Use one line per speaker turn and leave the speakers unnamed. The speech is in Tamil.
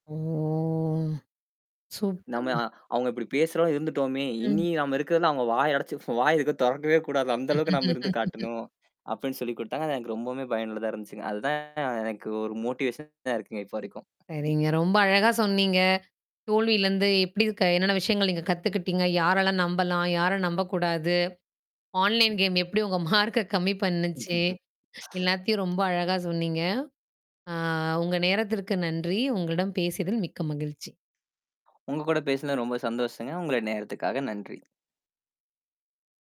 ஓ!
"நம்ம
சூப்பர்ங்க.
அ அவங்க இப்படி பேசுறோம்னு இருந்துட்டோமே.
ம்.
இனி நாம இருக்கறதுல அவங்க வாய் அடைச்சு போ வாய் எதுக்கும் இருக்கிற தொறக்கவே கூடாது. அந்த அளவுக்கு நாம இருந்து காட்டணும்," அப்படின்னு சொல்லிக் கொடுத்தாங்க. எனக்கு ரொம்பவுமே பயனுள்ளதா இருந்துச்சுங்க. அதுதான் எனக்கு ஒரு மொட்டிவேஷனா இருக்குங்க, இப்ப வரைக்கும்.
சரிங்க, ரொம்ப அழகா சொன்னீங்க. தோல்வியிலிருந்து எப்படி க என்னன்ன விஷயங்களை நீங்கக் கத்துக்கிட்டீங்க? யாரெல்லாம் நம்பலாம்? யாரை நம்பக் கூடாது? ஆன்லைன் கேம் எப்படி உங்க மார்க்க கம்மி பண்ணுச்சு? எல்லாத்தையும் ரொம்ப அழகா சொன்னீங்க. அ உங்க நேரத்திற்கு நன்றி! உங்களிடம் பேசியதில் மிக்க மகிழ்ச்சி.
உங்க கூட பேசுனது ரொம்ப சந்தோஷங்க. உங்க நேரத்துக்காக நன்றி.